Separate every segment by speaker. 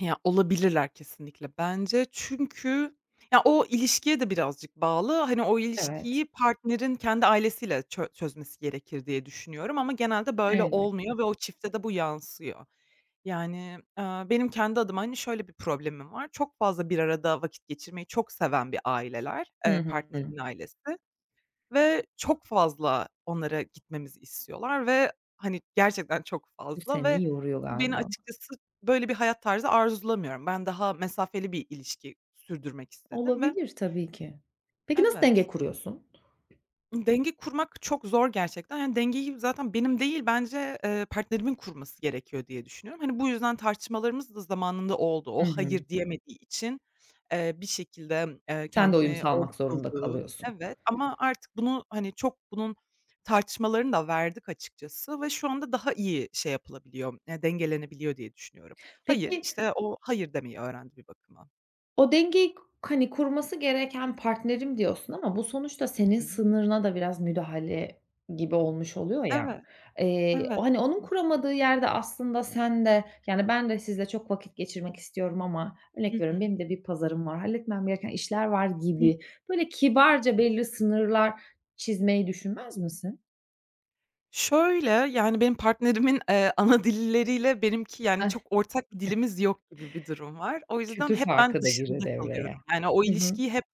Speaker 1: Ya, olabilirler kesinlikle bence çünkü ya, o ilişkiye de birazcık bağlı. Hani, o
Speaker 2: Evet.
Speaker 1: ilişkiyi partnerin kendi ailesiyle çö çözmesi gerekir diye düşünüyorum ama genelde böyle
Speaker 2: Elbette.
Speaker 1: olmuyor ve o çifte de bu yansıyor. Yani, ııı, benim kendi adıma, hani, şöyle bir problemim var: Çok fazla bir arada vakit geçirmeyi çok seven bir aileler,
Speaker 2: Hı
Speaker 1: eee,
Speaker 2: hı.
Speaker 1: partnerimin ailesi ve çok fazla onlara gitmemizi istiyorlar ve, hani, gerçekten çok
Speaker 2: Bu
Speaker 1: fazla
Speaker 2: seni
Speaker 1: ve
Speaker 2: yoruyor
Speaker 1: bu beni
Speaker 2: galiba.
Speaker 1: açıkçası böyle bir hayat tarzı arzulamıyorum. Ben daha mesafeli bir ilişki sürdürmek istedim ve
Speaker 2: Olabilir tabii ki. Peki, nasıl denge
Speaker 1: Evet.
Speaker 2: kuruyorsun?
Speaker 1: Denge kurmak çok zor gerçekten. Yani, dengeyi zaten benim değil, bence, ııı, partnerimin kurması gerekiyor diye düşünüyorum. Hani, bu yüzden tartışmalarımız da zamanında oldu. O,
Speaker 2: Hı hı.
Speaker 1: "Hayır!" diyemediği için, eee, bir şekilde, eee,
Speaker 2: Sen de uyum
Speaker 1: kendimi
Speaker 2: salmak zorunda
Speaker 1: [unintelligible]
Speaker 2: kalıyorsun.
Speaker 1: Evet, ama artık bunu, hani, çok bunun tartışmalarını da verdik açıkçası ve şu anda daha iyi şey yapılabiliyor, ııı, dengelenebiliyor diye düşünüyorum. "Hayır,"
Speaker 2: Peki
Speaker 1: işte, o, "hayır" demeyi öğrendi bir bakıma.
Speaker 2: O dengeyi k hani, kurması gereken partnerim diyorsun ama bu sonuçta
Speaker 1: Hı
Speaker 2: senin
Speaker 1: hı.
Speaker 2: sınırına da biraz müdahale gibi olmuş oluyor ya.
Speaker 1: Evet.
Speaker 2: Eee,
Speaker 1: Evet.
Speaker 2: hani, onun
Speaker 1: Kesinlik
Speaker 2: kuramadığı yerde aslında sen de, yani, ben de sizle çok vakit geçirmek istiyorum ama
Speaker 1: Hı
Speaker 2: örnek veriyorum,
Speaker 1: hı.
Speaker 2: benim de bir pazarım var, halletmem gereken işler var
Speaker 1: Hıı.
Speaker 2: gibi böyle kibarca belli sınırlar çizmeyi düşünmez misin?
Speaker 1: Şöyle, yani, benim partnerimin, eee, ana dilleriyle benimki, yani, çok ortak dilimiz yok gibi bir durum var. O yüzden
Speaker 2: Kültür
Speaker 1: hep ben
Speaker 2: farkı da girdi
Speaker 1: dışında kalıyorum,
Speaker 2: devreye.
Speaker 1: yani, o
Speaker 2: Hı hı.
Speaker 1: ilişkiyi hep,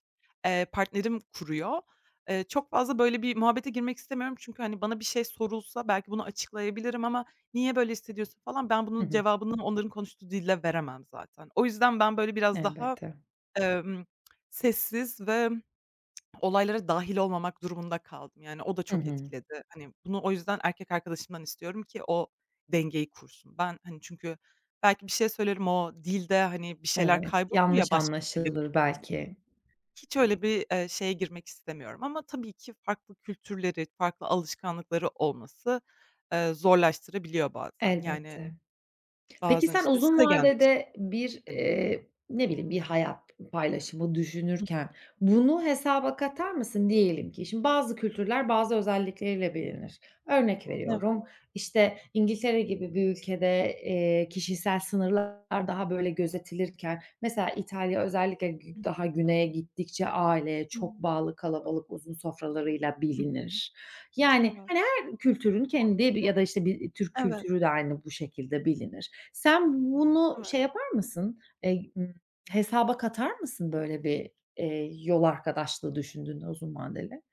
Speaker 1: eee, partnerim kuruyor. Eee, çok fazla, böyle, bir muhabbete girmek istemiyorum çünkü, hani, bana bir şey sorulsa belki bunu açıklayabilirim ama "Niye böyle hissediyorsun?" falan ben
Speaker 2: Hı
Speaker 1: bunun
Speaker 2: hı.
Speaker 1: cevabını onların konuştuğu dilde veremem zaten. O yüzden ben, böyle, biraz daha,
Speaker 2: Elbette.
Speaker 1: emm, sessiz ve olaylara dâhil olmamak durumunda kaldım, yani, o da
Speaker 2: Hı
Speaker 1: çok
Speaker 2: hı.
Speaker 1: etkiledi. Hani, bunu o yüzden erkek arkadaşımdan istiyorum ki o dengeyi kursun. Ben, hani, çünkü belki bir şey söylerim, o dilde, hani, bir şeyler
Speaker 2: Evet,
Speaker 1: kaybolur ya,
Speaker 2: yanlış
Speaker 1: başka bir dilde.
Speaker 2: anlaşılır
Speaker 1: [unintelligible]
Speaker 2: belki.
Speaker 1: Hiç öyle bir, eee, şeye girmek istemiyorum ama tabii ki farklı kültürleri, farklı alışkanlıkları olması, ııı, zorlaştırabiliyor bazen, yani,
Speaker 2: Elbette. Peki,
Speaker 1: bazen,
Speaker 2: sen
Speaker 1: işte,
Speaker 2: uzun
Speaker 1: size gelmek istiyor,
Speaker 2: vadede bir,
Speaker 1: hani, diyor
Speaker 2: eee, ne bileyim bir hayat paylaşımı
Speaker 1: Hı.
Speaker 2: düşünürken bunu hesaba katar mısın? Diyelim ki şimdi bazı kültürler bazı özellikleriyle bilinir. Örnek
Speaker 1: Evet.
Speaker 2: veriyorum: işte, İngiltere gibi bir ülkede, eee, kişisel sınırlar daha, böyle, gözetilirken mesela İtalya özellikle gü
Speaker 1: Hı hı.
Speaker 2: daha güneye gittikçe aileye çok
Speaker 1: Hıı.
Speaker 2: bağlı kalabalık uzun sofralarıyla
Speaker 1: Hı hı.
Speaker 2: bilinir. Yani,
Speaker 1: Evet.
Speaker 2: hani her kültürün kendi ya da, işte, bir Türk
Speaker 1: Evet.
Speaker 2: kültürü de aynı bu şekilde bilinir. Sen bunu
Speaker 1: Evet.
Speaker 2: şey yapar mısın? Eee, ımm, hesaba katar mısın, böyle, bir, eee, yol arkadaşlığı düşündüğünde uzun vadeli?